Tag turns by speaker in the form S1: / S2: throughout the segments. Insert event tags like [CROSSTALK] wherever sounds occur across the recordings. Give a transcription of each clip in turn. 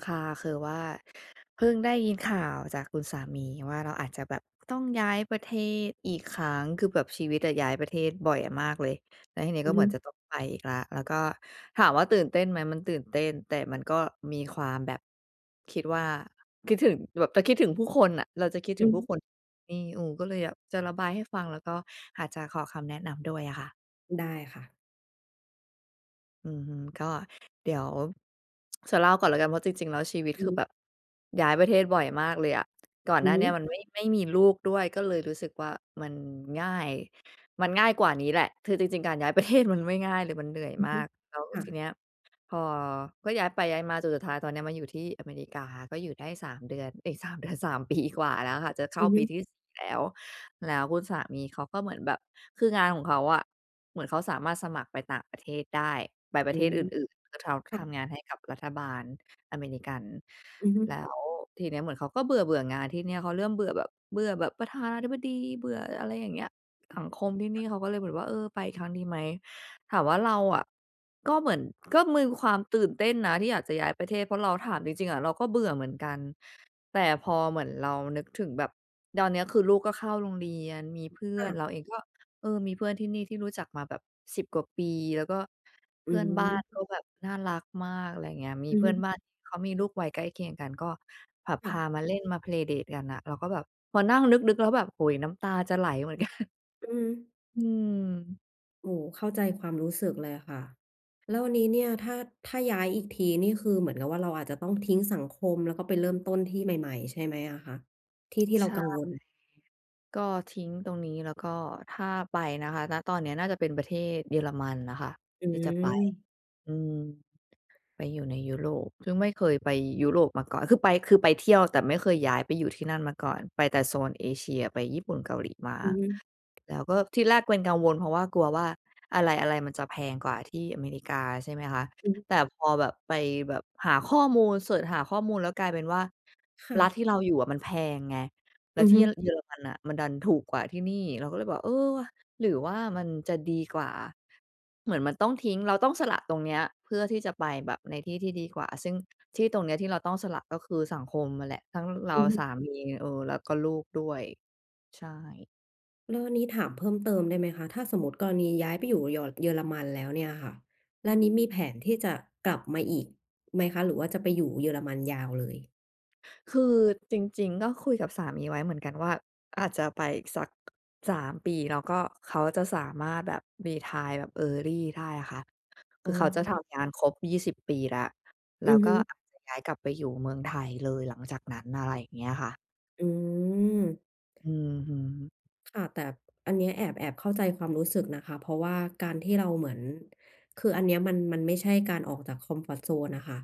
S1: ค่ะ คือว่าเพิ่งได้ยินข่าวจากคุณสามีว่า เราอาจจะแบบต้องย้ายประเทศอีกครั้ง คือแบบชีวิตอะย้ายประเทศบ่อยมากเลย แล้วทีนี้
S2: อื
S1: ก
S2: อ
S1: ็เ
S2: ฮ
S1: หมือน
S2: ึ
S1: จะต้องไปอีกแล้ว แล้วก็ถามว่าตื่นเต้นไหม? มันตื่นเต้น แต่มันก็มีความแบบ คิดว่า คิดถึง แบบจะคิดถึงผู้คนอะ เราจะคิด
S2: อ
S1: ถึ
S2: ื
S1: ง
S2: อ
S1: ผู
S2: ฮ
S1: ้
S2: ึ
S1: คน นี่ เออ ก็เลยแบบจะระบายให้ฟัง แล้วก็อาจจะขอคำแนะนำด้วยอะค่ะ
S2: ได้ค่ะ
S1: อือฮึ ก็ เดี๋ยว จะเล่าก่อนละกันว่า จริง ๆ แล้วชีวิต
S2: อื
S1: คือ
S2: ม
S1: แบบ ย้ายประเทศบ่อยมากเลยอะ ก่อน
S2: อ
S1: หน
S2: ื
S1: ้
S2: อ
S1: า
S2: ฮ
S1: เนี้ย
S2: ึ
S1: มันไม่ ไม่มีลูกด้วย ก็เลยรู้สึกว่า มันง่าย มันง่ายกว่านี้แหละ คือจริง ๆ การย้ายประเทศมันไม่ง่ายเลย มันเหนื่อย
S2: อือ
S1: ม
S2: ฮึ
S1: าก แล้ว
S2: ค่
S1: ที
S2: ะ
S1: เนี้ย พอ ก็ย้ายไปย้ายมาจนสุดท้ายตอนนี้มาอยู่ที่อเมริกา ก็อยู่ได้ 3 เดือน เอ๊ย 3 เดือน 3 ปีกว่าแล้วค่ะ จะเข
S2: อ
S1: ้
S2: ื
S1: า
S2: อฮ
S1: ป
S2: ึ
S1: ีที่ 4 แล้ว แล้วคุณสามีเขาก็เหมือนแบบ คืองานของเขาอะ เหมือนเขาสามารถสมัครไปต่างประเทศได้ ไปป
S2: อ
S1: ร
S2: ื
S1: ะเทศ
S2: ม
S1: อื่น ๆ ก็ท
S2: ค
S1: ำ
S2: ่
S1: ท
S2: ะ
S1: ำงานให้กับรัฐบาล
S2: อือฮึ
S1: อเมริกัน แล้วทีเนี้ยเหมือนเขาก็เบื่อ ๆ งานที่เนี่ย เขาเริ่มเบื่อแบบ เบื่อแบบประธานาธิบดี เบื่ออะไรอย่างเงี้ย สังคมที่น
S2: ค
S1: ี
S2: ่
S1: ่
S2: ะ
S1: เขาก็เลยแบบว่า เออ ไปอีกครั้งดีไหม? ถามว่าเราอะ ก็เหมือน ก็มีความตื่นเต้นนะ ที่อยากจะย้ายประเทศ เพราะเราถามจริง ๆ อะ เราก็เบื่อเหมือนกัน แต่พอเหมือนเรานึกถึงแบบ ตอนเนี้ยคือลูกก็เข้าโรงเรียน มีเพื่อ
S2: อ
S1: น
S2: า
S1: เราเองก็ เออ มีเพื่อนที่นี่ที่รู้จักมาแบบ 10 กว่าปี แล้วก็เ
S2: อ
S1: พ
S2: ื
S1: ื่อนบ้านก็
S2: ม
S1: แบบน่ารักมาก อะไรอย่างเงี้ย มี
S2: อือ
S1: เพ
S2: ฮ
S1: ื่อน
S2: ึ
S1: บ้านที่เขามีลูกวัยใกล้เคียงกัน ก็แบบ
S2: ค
S1: พ
S2: ่
S1: า
S2: ะ
S1: มาเล่นมา play date กันอะ เราก็แบบพอนั่งนึก ๆ แล้วแบบ โอ้โฮ น้ำตาจะไหล เหมือนกัน
S2: อืม
S1: อืม
S2: โอ้โฮ เข้าใจความรู้สึกเลยอะค่ะ แล้ววันนี้เนี่ยถ้า ถ้าย้ายอีกทีนี่คือเหมือนกับว่าเราอาจจะต้องทิ้งสังคม แล้วก็ไปเริ่มต้นที่ใหม่ ๆ ใช่ไหมอะคะ ที่ ที่
S1: ใ
S2: เ
S1: ช
S2: รา
S1: ่
S2: กังวล?
S1: ก็ทิ้งตรงนี้ แล้วก็ถ้าไปนะคะ ณ ตอนเนี้ยน่าจะเป็นประเทศเยอรมันน่ะค่ะ
S2: อ
S1: ที่จะไป
S2: ือ
S1: อืม ไปอยู่ในยุโรป ซึ่งไม่เคยไปยุโรปมาก่อน คือไป คือไปเที่ยว แต่ไม่เคยย้ายไปอยู่ที่นั่นมาก่อน ไปแต่โซนเอเชีย ไปญี่ปุ่น เกาหลีมา
S2: อือฮึ
S1: แล้วก็ทีแรกเป็นกังวล เพราะว่ากลัวว่าอะไร ๆ มันจะแพงกว่าที่อเมริกา ใช่ไหมคะ
S2: อือฮึ
S1: แต่พอแบบไปแบบหาข้อมูล เซิร์ชหาข้อมูล แล้วกลายเป็นว่า
S2: ค่
S1: รัฐ
S2: ะ
S1: ที่เราอยู่อะมันแพงไง แล
S2: อ
S1: ้ว
S2: ือ
S1: ที
S2: ฮ
S1: ่
S2: ึ
S1: ร เยอรมันน่ะมันดันถูกกว่าที่นี่ เราก็เลยบอก "เออว่ะ หรือว่ามันจะดีกว่า" เหมือนมันต้องทิ้ง เราต้องสละตรงเนี้ย เพื่อที่จะไปแบบในที่ที่ดีกว่า ซึ่งที่ตรงเนี้ยที่เราต้องสละ ก็คือสังคมอะแหละ ทั้งเร
S2: อ
S1: า
S2: ือฮ
S1: ส
S2: ึ
S1: ามี เออ แล้วก็ลูกด้วย ใช่
S2: แล้วอันนี้ถามเพิ่มเติมได้ไหมคะ? ถ้าสมมติกรณีย้ายไปอยู่ยอ เยอรมันแล้วเนี่ยค่ะ แล้วนี้มีแผนที่จะกลับมาอีกไหมคะ หรือว่าจะไปอยู่เยอรมันยาวเลย?
S1: คือจริง ๆ ก็คุยกับสามีไว้เหมือนกันว่า อาจจะไปอีกสัก 3 ปี แล้วก็เขาจะสามารถแบบ รีไทร์แบบ early ได้อะค่ะ ค
S2: อ๋
S1: ือเขาจะท
S2: อ
S1: ำงานครบ 20 ปีแล้ว แ
S2: อื
S1: ล้
S2: อ
S1: ว
S2: ฮ
S1: ก็
S2: ึ
S1: อาจจะย้ายกลับไปอยู่เมืองไทยเลยหลังจากนั้น อะไรอย่างเงี้ยอะค่ะ
S2: อืม
S1: อือฮึ
S2: ค่ะ แต่อันนี้แอบ แอบเข้าใจความรู้สึกนะคะ เพราะว่าการที่เราเหมือน คืออันเนี้ยมัน มันไม่ใช่การออกจากคอมฟอร์ตโซนอะค่ะ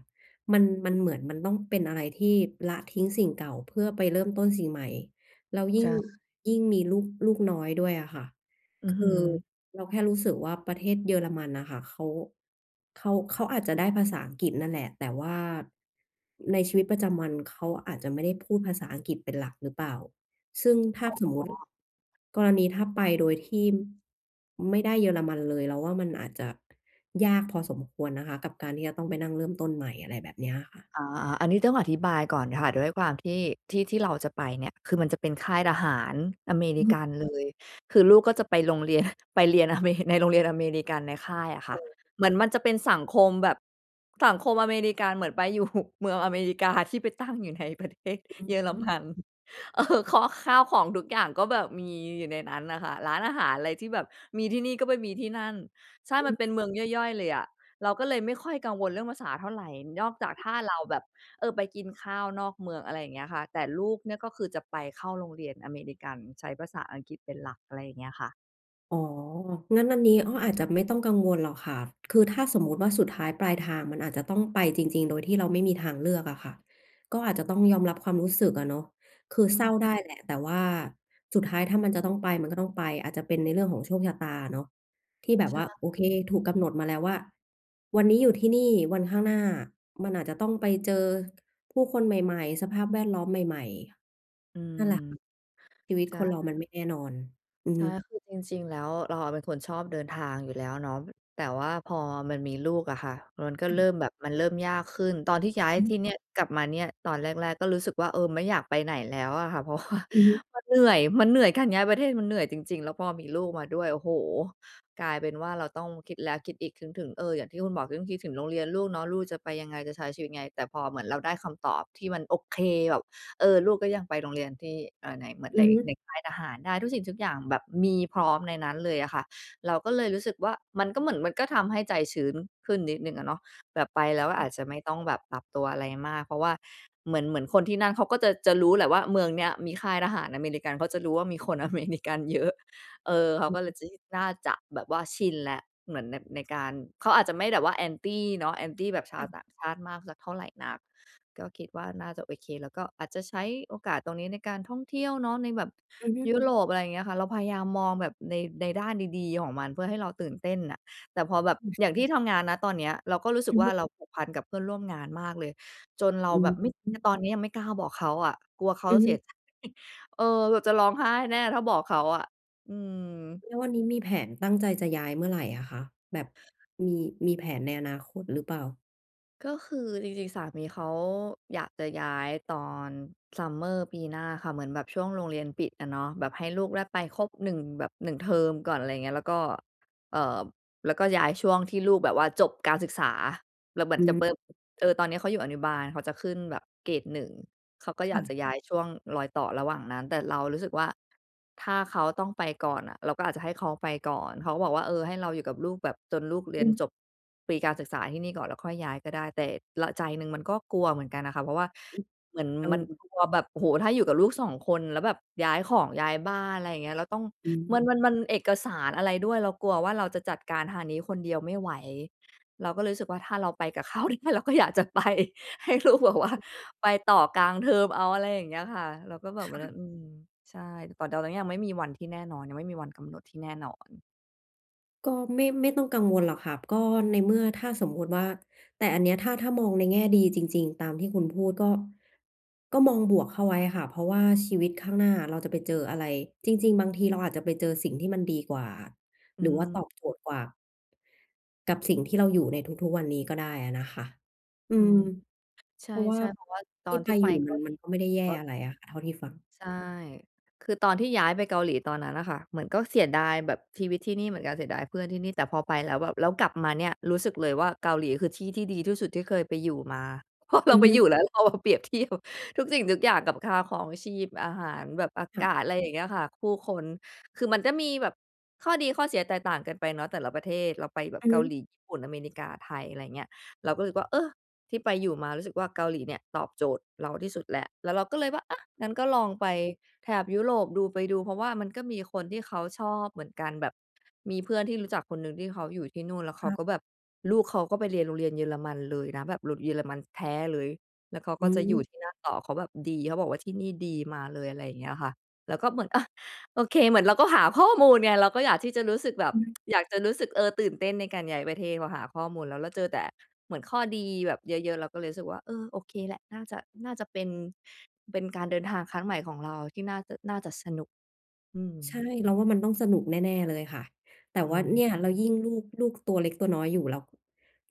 S2: มัน มันเหมือนมันต้องเป็นอะไรที่ละทิ้งสิ่งเก่าเพื่อไปเริ่มต้นสิ่งใหม่ แล้วย
S1: ใ
S2: ิ
S1: ช
S2: ่ง
S1: ่
S2: ยิ่งมีลูก ลูกน้อยด้วยอะค่ะ
S1: อือ
S2: ค
S1: ฮึ
S2: ือเราแค่รู้สึกว่าประเทศเยอรมันน่ะค่ะ เขา เขา เขาอาจจะได้ภาษาอังกฤษนั่นแหละ แต่ว่าในชีวิตประจำวันเขาอาจจะไม่ได้พูดภาษาอังกฤษเป็นหลักหรือเปล่า ซึ่งถ้า
S1: อ๋
S2: สมมุติ
S1: อ
S2: กรณีถ้าไปโดยที่ไม่ได้เยอรมันเลย เราว่ามันอาจจะยากพอสมควรนะคะกับการที่จะต้องไปนั่งเริ่มต้นใหม่ อะไรแบบนี้อะค่ะ
S1: อา ๆ อันนี้ต้องอธิบายก่อนค่ะ ด้วยความที่ ที่ที่เราจะไปเนี่ย คือมันจะเป็นค่ายทหารอเม
S2: อ
S1: ริ
S2: ื
S1: ก
S2: อ
S1: ันเลย คือลูกก็จะไป โรงเรียน ไปเรียนอเม ในโรงเรียน อเมริกันในค่ายอะค
S2: อ
S1: ่ะ
S2: ๋อ
S1: เหมือนมันจะเป็นสังคมแบบสังคมอเมริกันเหมือนไป อยู่เมืองอเมริกาที่ไปตั้งอยู่ในประเทศ
S2: อ
S1: เยอร
S2: ื
S1: ม
S2: ม
S1: ัน เออ ข้อ ข้าวของทุกอย่างก็แบบมีอยู่ในนั้นน่ะค่ะ ร้านอาหารอะไรที่แบบมีที่นี่ก็ไปที่นั่น ใช่
S2: อ
S1: มั
S2: ื
S1: นเป็
S2: ม
S1: นเมืองย่อย ๆ เลยอะ เราก็เลยไม่ค่อยกังวลเรื่องภาษาเท่าไรนอกจากถ้าเราแบบ เออ ไปกินข้าวนอกเมือง อะไรอย่างเงี้ยค่ะ แต่ลูกเนี่ยก็คือจะไปเข้าโรงเรียนอเมริกัน ใช้ภาษาอังกฤษเป็นหลัก อะไรอย่างเงี้ยค่ะ
S2: อ๋อ งั้นอันนี้ อ้อ อาจจะไม่ต้องกังวลหรอกค่ะ คือถ้าสมมุติว่า สุดท้ายปลายทางมันอาจจะต้องไปจริง ๆ โดยที่เราไม่มีทางเลือกอะค่ะ ก็อาจจะต้องยอมรับความรู้สึกอะเนาะ คือ
S1: อ
S2: เศร้
S1: ืม
S2: าได้แหละ แต่ว่าสุดท้าย ถ้ามันจะต้องไป มันก็ต้องไป อาจจะเป็นในเรื่องของโชคชะตาเนาะ ที่แบ
S1: ใ
S2: บ
S1: ช
S2: ว่า โอเค
S1: ่
S2: ถูกกำหนดมาแล้วว่า วันนี้อยู่ที่นี่ วันข้างหน้ามันอาจจะต้องไปเจอ ผู้คนใหม่ ๆ สภาพแวดล้อมใหม่
S1: อื
S2: ๆ นั
S1: ม
S2: ่นแหละค่ะ ชีวิต
S1: ใช่
S2: คนเรามันไม่แน่นอน อือ
S1: ใช
S2: ฮ
S1: ่
S2: ึ
S1: คือจริง ๆ แล้ว เราอะเป็นคนชอบเดินทางอยู่แล้วเนาะแต แต่ว่าพอมันมีลูกอะค่ะ มันก็
S2: อ
S1: เ
S2: ื
S1: ร
S2: ม
S1: ิ่มแบบ มันเริ่มยากขึ้นตอนที่ย้าย
S2: ฮึ
S1: ที่เนี่ย กลับมาเนี่ยตอนแรก ๆ ก็รู้สึกว่า เออ ไม่อยากไปไหนแล้วอะค่ะ เพราะว่า
S2: อือฮึ
S1: มันเหนื่อย มันเหนื่อย การย้ายประเทศมันเหนื่อยจริง ๆ แล้วพอมีลูกมาด้วย โอ้โฮ! กลายเป็นว่าเราต้องคิดแล้วคิดอีกคิดถึง เออ อย่างที่คุณบอกเรื่องคิดถึงโรงเรียนลูกเนาะ ลูกจะไปยังไง จะใช้ชีวิตยังไง แต่พอเหมือนเราได้คำตอบที่มันโอเค แบบ เออ ลูกก็ยังไปโรงเรียนที่ เออ ไหน [UNINTELLIGIBLE]
S2: อือฮ
S1: ใ
S2: ึ
S1: นค่ายทหาร ทุกสิ่งทุกอย่างแบบมีพร้อมในนั้นเลยอะค่ะ เราก็เลยรู้สึกว่า มันก็เหมือน มันก็ทำให้ใจชื้นขึ้นนิดหนึ่งอะเนาะ แบบไปแล้วอาจจะไม่ต้องแบบปรับตัวอะไรมาก เพราะว่าเหมือน เหมือนคนที่นั่นเขาก็จะ จะรู้แหละว่าเมืองเนี้ยมีค่ายทหารอเมริกัน เขาจะรู้ว่ามี คนอเมริกันเยอะ เออ เขาก็เลย จ น
S2: [UNINTELLIGIBLE]
S1: ่าจะแบบว่าชินแล้ว เหมือนใน ในการ เขาอาจจะไม่แบบว่า Anti เนาะ Anti แบบช
S2: ค
S1: า
S2: ่
S1: ว
S2: ะ
S1: ต่างชาติมากสักเท่าไรนัก ก็คิดว่าน่าจะโอเค แล้วก็อาจจะใช้โอกาสตรงนี้ในการท่องเที่ยวเนาะ ในแบบ
S2: อือฮึ
S1: ยุโรป อะไรอย่างเงี้ยค่ะ เราพยายามมองแบบใน ในด้านดี ๆ ของมันเพื่อให้เราตื่นเต้นน่ะ แต่พอแบบ
S2: อือ
S1: อย่างที่ทำงานนะ ตอนเนี้ยเราก็รู้สึ
S2: อ
S1: ก
S2: ือ
S1: ว่
S2: ฮ
S1: า
S2: ึ
S1: เราผูกพันกับเพื่อนร่วมงานมากเลย จนเรา
S2: อื
S1: แบ
S2: อ
S1: บ ไม่
S2: ฮึ
S1: ตอนนี้ยังไม่กล้าบอกเขาอะ กลัวเขา
S2: อือ
S1: เ
S2: ฮ
S1: สีย
S2: ึ
S1: ใจ [CHUCKLES] เออ เราจะร้องไห้แน่ถ้าบอกเขาอะ อืม
S2: แล้ววันนี้มีแผนตั้งใจจะย้ายเมื่อไรอะคะ แบบ มี มีแผนในอนาคตหรือเปล่า?
S1: ก็คือจริง ๆ สามีเขาอยากจะย้ายตอน summer ปีหน้าค่ะ เหมือนแบบช่วงโรงเรียนปิดอะเนาะ แบบให้ลูกได้ไปครบ 1 แบบ 1 เทอมก่อน อะไรอย่างเงี้ย แล้วก็ เอ่อ แล้วก็ย้ายช่วงที่ลูกแบบว่าจบการศึกษา แล้วเหมื
S2: อ
S1: อนกับ
S2: ื
S1: ปั๊บ
S2: ม
S1: เออ ตอนเนี้ยเขาอยู่อนุบาล เขาจะขึ้นแบบเกรด 1 เขาก็
S2: ค
S1: อย
S2: ่
S1: าก
S2: ะ
S1: จะย้ายช่วงรอยต่อระหว่างนั้น แต่เรารู้สึกว่า ถ้าเขาต้องไปก่อนอะ เราก็อาจจะให้เขาไปก่อน เขาก็บอกว่า เออ ให้เราอยู่กับลูกแบบจนลูกเร
S2: อ
S1: ี
S2: ื
S1: ยน
S2: ม
S1: จบ ปีการศึกษาที่นี่ก่อนแล้วค่อยย้ายก็ได้ แต่ ร ใจหนึ่งมันก็กลัวเหมือนกันน่ะค่ะ เพราะว่า
S2: อือ
S1: เหมือน
S2: เอ
S1: มัน
S2: อ
S1: กลัวแบบ โอ้โฮ ถ้าอยู่กับลูก 2 คนแล้วแบบย้ายของ ย้ายบ้าน อะไรอย่างเงี้ย เราต้อง
S2: อ
S1: มั
S2: ือ
S1: น มัน มันเอกสารอะไรด้วย เรากลัวว่า เราจะจัดการทางนี้คนเดียวไม่ไหว เราก็เลยรู้สึกว่าถ้าเราไปกับ เขาได้เราก็อยากจะไป ให้ลูกแบบว่า
S2: อือ
S1: ไปต่อกลางเทอมเอา อะไรอย่างเงี้ยค่ะ เราก็บอ
S2: ค
S1: กไป
S2: ่
S1: แล้ว
S2: ะ
S1: อืม ใช่ แต่ตอนนี้ยังไม่มีวันที่แน่นอน ยังไม่มีวันกำหนดที่แน่นอน
S2: ก็ไม่ ไม่ต้องกังวลหรอกค่ะ ก็ในเมื่อถ้าสมมติว่า แต่อันเนี้ยถ้า ถ้ามองในแง่ดีจริง ๆ ตามที่คุณพูดก็ ก็มองบวกเข้าไว้ค่ะ เพราะว่าชีวิตข้างหน้าเราจะไปเจออะไร จริง ๆ บางที เราอาจจะไปเจอสิ่งที่มันดีกว่า
S1: อ
S2: ห
S1: ื
S2: รือว่าตอบโจ
S1: ม
S2: ทย์กว่า กับสิ่งที่เราอยู่ในทุก ๆ วันนี้ก็ได้อะนะคะ อื
S1: อืม
S2: ม
S1: ใ
S2: เพราะว่า
S1: ช่ ๆ เพราะว่าต
S2: ท
S1: อ
S2: ี่
S1: น
S2: ไ
S1: ท
S2: ป
S1: ี่ไป
S2: อยู่
S1: เก
S2: มั
S1: า
S2: น
S1: หลี
S2: มันก็ไม่ได้แย่
S1: ก็
S2: อะไรอะค่ะ เท่าที่ฟัง
S1: ใช่ คือตอนที่ย้ายไปเกาหลีตอนนั้นน่ะค่ะ เหมือนก็เสียดายแบบชีวิตที่นี่เหมือนกัน เสียดายเพื่อนที่นี่ แต่พอไปแล้วแบบ แล้วกลับมาเนี่ย รู้สึกเลยว่าเกาหลีคือที่ที่ดีที่สุดที่เคยไปอยู่มา เพราะเร
S2: อ
S1: า
S2: ือ
S1: ไป
S2: ฮ
S1: อย
S2: ึ
S1: ู่แล้ว เราเอามาเปรียบเทียบ ทุกสิ่งทุกอย่างกับค่าครองชีพ อาหาร แบบอา
S2: ค่
S1: ก
S2: ะ
S1: าศ อะไรอย่างเงี้ยค่ะ ผู้คน คือมันก็มีแบบ ข้อดีข้อเสียแตกต่างกันไปเนาะแต่ละประเทศ เราไปแบ
S2: อ
S1: บ
S2: ือ
S1: เก
S2: ฮ
S1: า
S2: ึ
S1: หลี ญี่ปุ่น อเมริกา ไทย อะไรอย่างเงี้ย เราก็รู้สึกว่า เออ ที่ไปอยู่มารู้สึกว่าเกาหลีเนี่ยตอบโจทย์เราที่สุดแล้ว แล้วเราก็เลยว่า อะ งั้นก็ลองไปแถบยุโรปดู ไปดู เพราะว่ามันก็มีคนที่เขาชอบเหมือนกัน แบบ มีเพื่อนที่รู้จักคนหนึ่งที่เขาอยู่ที่นู่น แล้วเข
S2: ค
S1: า
S2: ่ะ
S1: ก็แบบ ลูกเขาก็ไปเรียนโรงเรียนเยอรมันเลยนะ แบบหลุดเยอรมันแท้เลย แล้วเขาก
S2: อ
S1: ็
S2: ื
S1: จะอยู
S2: อ
S1: ่ที่นั่นต่อ เขาแบบดี เขาบอกว่าที่นี่ดี มาเลย อะไรอย่างเงี้ยค่ะ แล้วก็เหมือน อะ โอเค เหมือนเราก็หาข้อมูลไง เราก็อยากที่จะรู้สึกแบบ
S2: อือ
S1: [TSK] อยากจะรู้สึก เออ ตื่นเต้นในการย้ายประเทศ พอหาข้อมูลแล้ว เราเจอแต่เหมือนข้อดีแบบเยอะ ๆ เราก็เลยรู้สึกว่า เออ โอเคแหละ น่าจะ น่าจะเป็น เป็นการเดินทางครั้งใหม่ของเรา ที่น่าจะ น่าจะสนุก อื
S2: ใช่
S1: ม
S2: เราว่ามันต้องสนุกแน่ ๆ เลยค่ะ แต่
S1: อื
S2: ว่าเ
S1: ม
S2: นี่ย แล้วยิ่งลูก ลูกตัวเล็กตัวน้อยอยู่แล้ว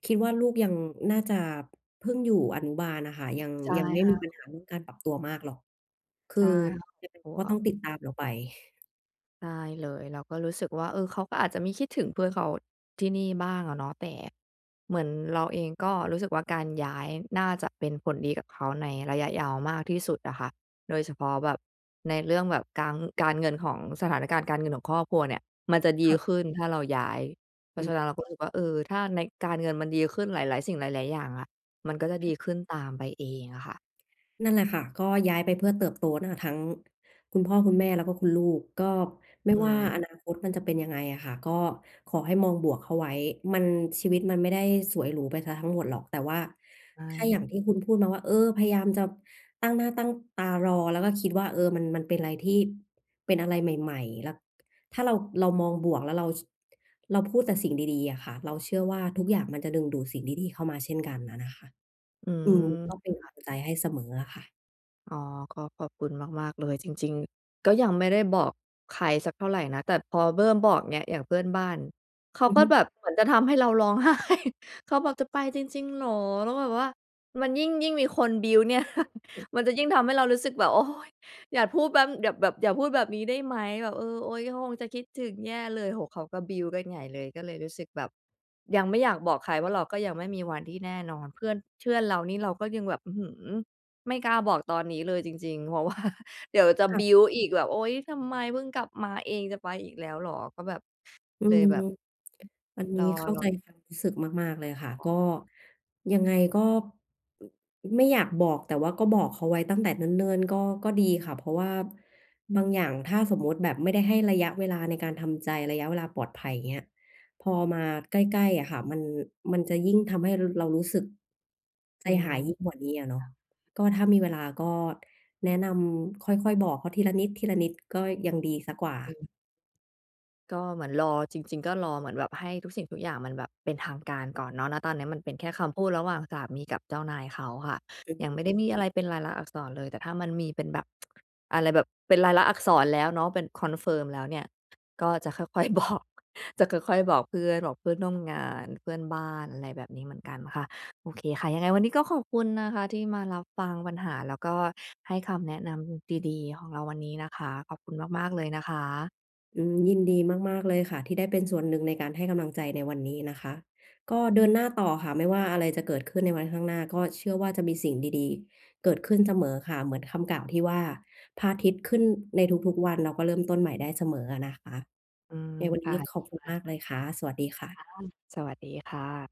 S2: คิดว่าลูกยังน่าจะเพิ่งอยู่อนุบาลน่ะค่ะ ยัง
S1: ใช่
S2: ยังไม่
S1: ค่
S2: มี
S1: ะ
S2: ปัญหาเรื่องการปรับตัวมากหรอก ค
S1: ใ
S2: ื
S1: ช
S2: อ
S1: ่ค่ะ
S2: ยังไง
S1: เพร
S2: เ
S1: า
S2: ข
S1: ะ
S2: า
S1: ว
S2: ก็
S1: ่
S2: ต้อง
S1: า
S2: ติดตามเราไป
S1: ได้เลย เราก็รู้สึกว่า เออ เขาก็อาจจะมีคิดถึงเพื่อนเขาที่นี่บ้างอะเนาะ แต่เหมือนเราเองก็รู้สึกว่า การย้ายน่าจะเป็นผลดีกับเขาในระยะยาวมากที่สุดอะค่ะ โดยเฉพาะแบบในเรื่องแบบการ การเงินของ สถานการณ์การเงินของครอบครัวเนี่ย มันจะด
S2: ค
S1: ี
S2: ่ะ
S1: ขึ้นถ้าเราย้าย เพรา
S2: อ
S1: ะฉ
S2: ืม
S1: ะนั้นเราก็รู้สึกว่า เออ ถ้าใน การเงินมันดีขึ้นหลาย ๆ สิ่ง หลาย ๆ อย่างอะ มันก็จะดีขึ้นตามไปเองอะค่ะ
S2: นั่นแหละค่ะ ก็ย้ายไปเพื่อเติบโตนั่นน่ะทั้งคุณพ่อคุณแม่แล้วก็คุณลูก ก็ไม่
S1: อื
S2: ว่า
S1: ม
S2: อนาคตมันจะเป็นยังไงอะค่ะ ก็ขอให้มองบวกเข้าไว้ มัน ชีวิตมันไม่ได้สวยหรูไปเสียทั้งหมดหรอก แต่ว่า
S1: ใช
S2: ถ้าอย่
S1: ่
S2: างที่คุณพูดมาว่า เออ พยายามจะตั้งหน้าตั้งตารอ แล้วก็คิดว่า เออ มัน มันเป็นอะไรที่ เป็นอะไรใหม่ ๆ แล้ว ถ้าเรา เรามองบวก แล้ว เรา ส เราพูดแต่สิ่งดี ๆ อะค่ะ เราเชื่อว่า ทุกอย่างมันจะดึงดูดสิ่งดี ๆ เข้ามาเช่นกันอะนะคะ
S1: อื
S2: อืม
S1: ม
S2: ก็เป็นก
S1: ค่ะ
S2: ำลังใจให้เสมออะค่ะ
S1: อ๋อ ก็ขอบคุณมาก ๆ เลย จริง ๆ ก็ยังไม่ได้บอกใครสักเท่าไรนะ แต่พอเริ่ม บอกเงี้ย อย่างเพื่อนบ้าน เขา
S2: อือ
S1: ก็
S2: ฮึ
S1: แบบเหมือนจะทำให้เรา ร้องไห้ เขาบอก "จะไปจริง ๆ เหรอ?" แล้วแบบว่ามันยิ่ง ยิ่งมีคน build เนี่ย [CHUCKLES] มันจะยิ่งทำให้เรารู้สึกแบบ โอ้ย อย่าพูดแป๊บ อย่าแบบ อย่าพูดแบบนี้ได้ไหม? แบบ เออ โอ๊ย เขาคงจะคิดถึงแย่เลย โอ้ เขาก็ build กันใหญ่เลย ก็เลยรู้สึกแบบยังไม่อยากบอกใครว่า เราก็ยังไม่มีวันที่แน่นอน เพื่อน เชื่อน เรานี่เราก็ยังแบบ อื้อฮือ ไม่กล้าบอกตอนนี้เลยจริง ๆ เพราะว่า เดี๋ยวจะ
S2: ค่ะ
S1: build อีกแบบ "โอ๊ย ทำไม เพิ่งกลับมาเองจะไปอีกแล้วเหรอ?" ก็แบบ
S2: อื
S1: เลย
S2: ม
S1: แบบ
S2: อันนี
S1: น
S2: ้
S1: อ
S2: เข้า
S1: ร
S2: ใจ
S1: อ
S2: ความรู้สึกมาก ๆ เลยค่ะ ก็ ยังไงก็ ไม่อยากบอก แต่ว่าก็บอกเขาไว้ตั้งแต่เนิ่น ๆ ก็ ก็ดีค่ะ เพราะว่าบางอย่างถ้าสมมุติแบบไม่ได้ให้ระยะเวลาในการทำใจ ระยะเวลาปลอดภัย อย่างเงี้ย พอมาใกล้ ๆ อะค่ะ มัน มันจะยิ่งทำให้ ร เรารู้สึกใจ
S1: อื
S2: ห
S1: ม
S2: ายยิ่งกว่านี้อะเนา
S1: ค
S2: ะ
S1: ่ะ
S2: ก็ถ้ามีเวลาก็แนะนำค่อย ๆ บอกเขาทีละนิด ๆ ก็ยังดีเสียกว่า
S1: อืม ก็เหมือนรอ จริง ๆ ก็รอเหมือนแบบให้ทุกสิ่งทุกอย่างมันแบบเป็นทางการก่อนเนาะ ณ ตอนนี้มันเป็นแค่คำพูดระหว่างสามีกับเจ้านายเขาค่ะ
S2: อื
S1: ยังไม่ได้
S2: ม
S1: มีอะไรเป็นลายลักษณ์อักษรเลย แต่ถ้ามันมีเป็นแบบ [TSK] อะไรแบบเป็นลายลักษณ์อักษรแล้วเนาะ เป็น confirm แล้วเนี่ย ก็ จะ ค่อย ๆ บอก จะค่อย ๆ บอกเพื่อน บอกเพื่อนร่วมงาน เพื่อนบ้าน อะไรแบบนี้เหมือนกันค่ะ โอเคค่ะ ยังไงวันนี้ก็ขอบคุณนะคะที่มารับฟังปัญหา แล้วก็ให้คำแนะนำดี ๆ ของเราวันนี้นะคะ ขอบคุณมาก ๆ เลยนะคะ
S2: อืม ยินดีมาก ๆ เลยค่ะ ที่ได้เป็นส่วนหนึ่งในการให้กำลังใจในวันนี้นะคะ ก็เดินหน้าต่อค่ะ ไม่ว่าอะไรจะเกิดขึ้นในวันข้างหน้า ก็เชื่อว่าจะมีสิ่งดี ๆ เกิดขึ้นเสมอค่ะ เหมือนคำกล่าวที่ว่า พระอาทิตย์ขึ้นในทุก ๆ วัน แล้วก็เริ่มต้นใหม่ได้เสมออะนะคะ
S1: อืม
S2: ในวัน
S1: ค
S2: น
S1: ่
S2: ี
S1: ะ
S2: ้ขอบคุณมากเลยค่ะ สวัสดีค่ะ
S1: [UNINTELLIGIBLE] สวัสดีค่ะ